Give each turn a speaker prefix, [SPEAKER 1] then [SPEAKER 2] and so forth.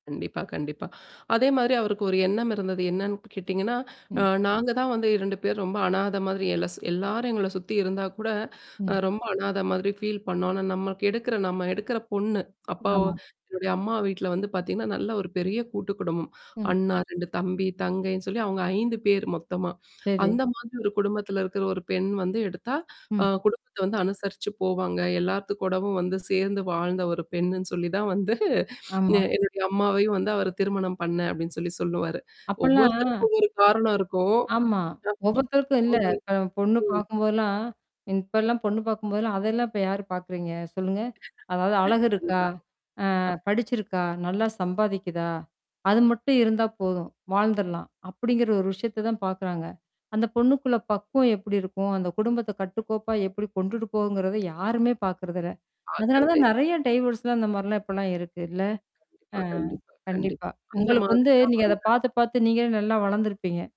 [SPEAKER 1] கண்டிப்பா, கண்டிப்பா. அதே மாரி அவருக்கு ஒரு எண்ணம் இருந்தது. என்னன்னு கேட்டீங்கன்னா, அ
[SPEAKER 2] ம்.
[SPEAKER 1] நாங்க தான் வந்து 2 பேர் ரொம்ப அநாத மாதிரி எல எல்லாரும் எங்கள சுத்தி இருந்தா கூட, அ
[SPEAKER 2] ம்.
[SPEAKER 1] ரொம்ப அநாத மாதிரி ஃபீல் பண்ணோம். ஆனா நமக்கு எடுக்குற நம்ம எடுக்குற பொண்ணு அப்பாவோ
[SPEAKER 2] ஆமா.
[SPEAKER 1] என்னுடைய அம்மா வீட்ல வந்து பார்த்தீங்கன்னா, நல்ல ஒரு பெரிய கூட்டு குடும்பம்.
[SPEAKER 2] ம்.
[SPEAKER 1] அண்ணா, 2 தம்பி, தங்கைன்னு சொல்லி அவங்க 5 பேர் மொத்தமா.
[SPEAKER 2] சரி.
[SPEAKER 1] "அந்த மாதிரி ஒரு குடும்பத்தில இருக்கிற ஒரு பெண் வந்து எடுத்தா, அ
[SPEAKER 2] ம்.
[SPEAKER 1] குடும்பத்த வந்து அனுசரிச்சு போவாங்க. எல்லாத்து கூடவும் வந்து சேர்ந்து வாழ்ந்த ஒரு பெண்ணுன்னு சொல்லி தான் வந்து எ
[SPEAKER 2] ஆமா.
[SPEAKER 1] என்னுடைய அம்மாவையும் வந்து அவரு திருமணம் பண்ணேன்" அப்டின்னு சொல்லி சொல்லுவாரு.
[SPEAKER 2] அப்பலாம்
[SPEAKER 1] ஒவ்வொருத்தருக்கும் ஒவ்வொரு காரணம் இருக்கும்.
[SPEAKER 2] ஆமா.
[SPEAKER 1] ஆமா.
[SPEAKER 2] ஒவ்வொருத்தருக்கும் இல்ல
[SPEAKER 1] [unintelligible]
[SPEAKER 2] இப்ப பொண்ணு
[SPEAKER 1] ம்.
[SPEAKER 2] பார்க்கும்போதெல்லாம் இப்பலாம் பொண்ணு பார்க்கும்போதெல்லாம் அதெல்லாம் இப்ப யாார் பார்க்குறீங்க? சொல்லுங்க? அதாவது அழகு இருக்கா?
[SPEAKER 1] அதுதான்.
[SPEAKER 2] அ
[SPEAKER 1] அ.
[SPEAKER 2] படிச்சிருக்கா? நல்லா சம்பாதிக்குதா? அது மட்டும் இருந்தா போதும். வாழ்ந்துரலாம். அப்டிங்கிற ஒரு விஷயத்த தான் பார்க்குறாங்க. அந்த பொண்ணுக்குள்ள பக்குவம் எப்டி இருக்கும்? அந்த குடும்பத்த கட்டுக்கோப்பா எப்டி கொண்டுட்டு போகுங்கிறத யாருமே பார்க்கறதில்ல. அதனால
[SPEAKER 1] பாக்குறதே
[SPEAKER 2] தான் நெறைய டைவேர்ஸ்லாம் இந்த மாரிலாம் இப்பலாம் இருக்கு இல்ல? அ
[SPEAKER 1] ஆ கண்டிப்பா கண்டிப்
[SPEAKER 2] கண்டிப்பா.
[SPEAKER 1] கண்டிப் அந்த
[SPEAKER 2] உங்களுக்கு
[SPEAKER 1] மாதிரி
[SPEAKER 2] வந்து
[SPEAKER 1] தான்
[SPEAKER 2] நீங்க அத
[SPEAKER 1] வந்து
[SPEAKER 2] பார்த்து பார்த்து நீங்களே நல்லா வளர்ந்திருப்பீங்க.